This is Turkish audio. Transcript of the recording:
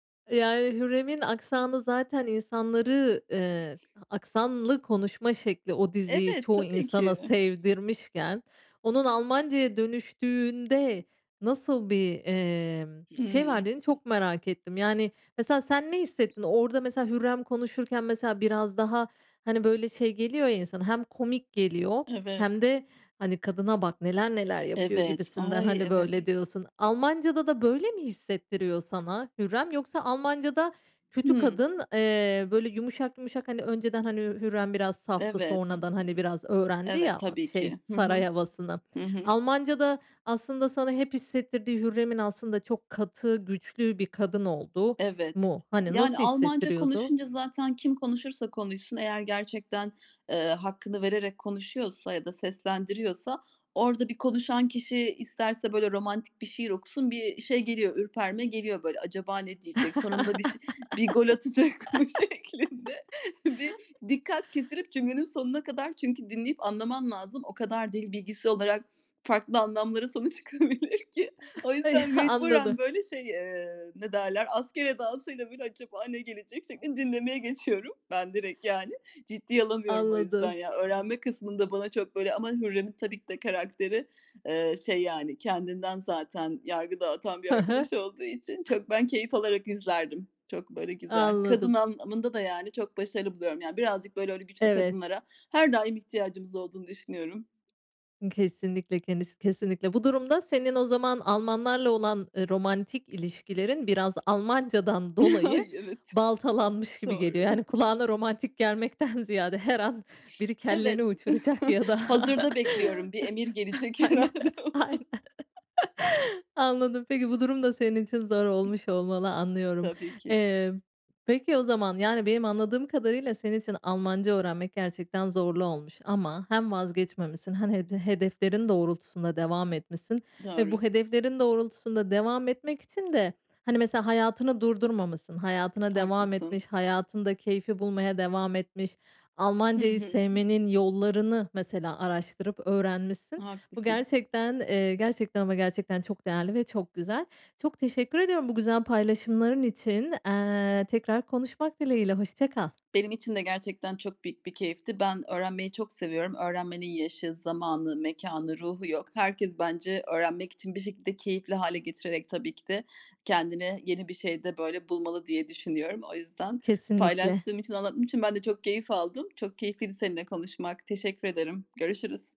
E, yani Hürrem'in aksanı zaten insanları eee, a aksanlı konuşma şekli o diziyi Evet, çoğu tabii insana ki. sevdirmişken, onun Almancaya dönüştüğünde nasıl bir, emm, şey Hıı. verdiğini çok merak ettim. Yani mesela sen ne hissettin? Orada mesela Hürrem konuşurken, mesela, biraz daha, hani, böyle şey geliyor ya insana, hem komik geliyor hem Evet. de, hani, "Kadına bak, neler neler yapıyor." Evet. gibisinden, Ay, hani, evet! böyle diyorsun. Almancada da böyle mi hissettiriyor sana Hürrem? Yoksa Almancada kötü Hıı. kadın eee, böyle yumuşak yumuşak, hani, önceden, hani, Hürrem biraz saftı, Evet. sonradan, hani, biraz öğrendi ya, Evet, at tabii şey, ki. Hı saray hı. havasını. Hı hı. Almancada aslında sana hep hissettirdiği Hürrem'in aslında çok katı güçlü bir kadın olduğu Evet. mu? Hani, Yani, nasıl Almanca hissettiriyordu? konuşunca zaten kim konuşursa konuşsun, eğer gerçekten, eee, hakkını vererek konuşuyorsa ya da seslendiriyorsa orada bir konuşan kişi isterse, böyle, romantik bir şiir okusun, bir şey geliyor, ürperme geliyor böyle acaba ne diyecek, sonunda bir ş bir gol atacak mı şeklinde bir dikkat kesilip cümlenin sonuna kadar çünkü dinleyip anlaman lazım. O kadar dil bilgisi olarak farklı anlamlara sonu çıkabilir ki. O yüzden anladı. mecburen böyle şey, eee, ne derler, asker edasıyla böyle acaba ne gelecek şeklinde dinlemeye geçiyorum ben direkt, yani. Ciddiye alamıyorum o yüzden Anladım. ya. Öğrenme kısmında bana çok böyle Ama Hürrem'in tabii ki de karakteri, eee, şey, yani kendinden zaten yargı dağıtan bir Hı hı. arkadaş olduğu için çok ben keyif alarak izlerdim. Çok böyle güzel. Kadın Anladım. anlamında da, yani, çok başarılı buluyorum. Yani birazcık böyle öyle güçlü Evet. kadınlara her daim ihtiyacımız olduğunu düşünüyorum. Kesinlikle kendisi kesinlikle. Bu durumda senin o zaman Almanlarla olan, eee, romantik ilişkilerin biraz Almancadan dolayı Ay! Evet. baltalanmış gibi Doğru. geliyor. Yani kulağına romantik gelmekten ziyade her an biri Evet. kelleni uçuracak ya da Hazırda bekliyorum. Bir emir gelecek Aynen, herhâlde. aynen. Anladım. Peki bu durum da senin için zor olmuş olmalı, anlıyorum. Tabii ki. Eee, peki o zaman yani benim anladığım kadarıyla senin için Almanca öğrenmek gerçekten zorlu olmuş ama hem vazgeçmemişsin hem hede hedeflerin doğrultusunda devam etmişsin ve Doğru. bu hedeflerin doğrultusunda devam etmek için de, hani, mesela hayatını durdurmamışsın, hayatına devam Haklısın. etmiş, hayatında keyfi bulmaya devam etmiş, Hı Almancayı hı. sevmenin yollarını mesela araştırıp öğrenmişsin. Bu Haklısın. gerçekten, eee, gerçekten ama gerçekten çok değerli ve çok güzel. Çok teşekkür ediyorum bu güzel paylaşımların için. Eee, tekrar konuşmak dileğiyle, hoşça kal. Benim için de gerçekten çok büyük bir keyifti. Ben öğrenmeyi çok seviyorum. Öğrenmenin yaşı, zamanı, mekânı, ruhu yok. Herkes bence öğrenmek için bir şekilde -keyifli hâle getirerek tabii ki de kendine yeni bir şey de, böyle, bulmalı diye düşünüyorum. O yüzden Kesinlikle. paylaştığım için, anlattığım için ben de çok keyif aldım. Çok keyifliydi seninle konuşmak. Teşekkür ederim. Görüşürüz.